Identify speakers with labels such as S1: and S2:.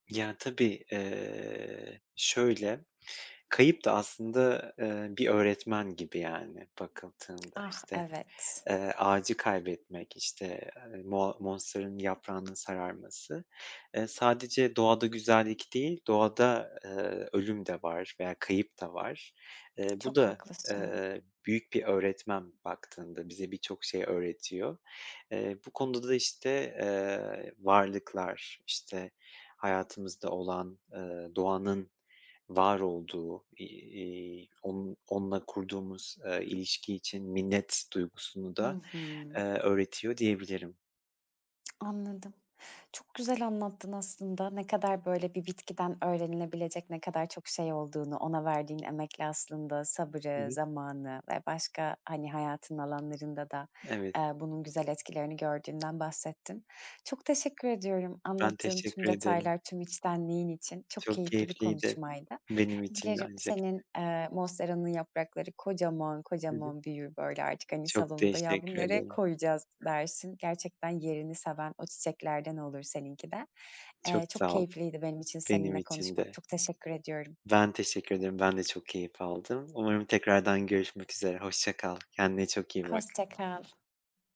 S1: Ya, tabii, eee, şöyle, kayıp da aslında, eee, bir öğretmen gibi yani, bakıldığında, işte,
S2: Ah evet.
S1: eee, ağacı kaybetmek, işte, ııı, moa monsteranın yaprağının sararması. Iıı, sadece doğada güzellik değil, doğada, ııı, ölüm de var, veya kayıp da var. Iıı, bu
S2: Çok
S1: da,
S2: haklısın.
S1: ııı, büyük bir öğretmen baktığında, bize birçok şey öğretiyor. Iıı, bu konuda da, işte, ııı, varlıklar, işte hayatımızda olan, ııı, doğanın var olduğu, iii, onun onunla kurduğumuz, ııı, ilişki için minnet duygusunu
S2: Hı
S1: da,
S2: hı.
S1: ııı, öğretiyor diyebilirim.
S2: Anladım. Çok güzel anlattın aslında. Ne kadar böyle, bir bitkiden öğrenilebilecek, ne kadar çok şey olduğunu, ona verdiğin emekle aslında,
S1: Hı
S2: sabrı,
S1: hı.
S2: zamanı ve başka, hani, hayatın alanlarında da,
S1: Evet.
S2: aaa, bunun güzel etkilerini gördüğünden bahsettin. Çok teşekkür ediyorum
S1: Ben
S2: anlattığın tüm
S1: teşekkür ederim.
S2: detaylar, tüm içtenliğin için. Çok
S1: Çok
S2: keyifli bir
S1: keyifliydi,
S2: konuşmaydı.
S1: benim için de
S2: Dilerim
S1: ayn şekilde.
S2: senin, eee, monsteranın yaprakları kocaman,
S1: Hı hı.
S2: kocaman büyür, böyle, artık, hani,
S1: Çok
S2: salonunda "Ya, bunu
S1: teşekkür
S2: nereye
S1: ederim.
S2: koyacağız." dersin. Gerçekten yerini seven o çiçeklerden olur seninki de.
S1: Çok
S2: Eee, çok
S1: sağ ol.
S2: keyifliydi benim için
S1: Benim
S2: seninle
S1: için
S2: konuşmak.
S1: de.
S2: Çok teşekkür ediyorum.
S1: Ben teşekkür ederim. Ben de çok keyif aldım. Umarım tekrardan görüşmek üzere. Hoşça kal. Kendine çok iyi bak.
S2: Hoşça kal.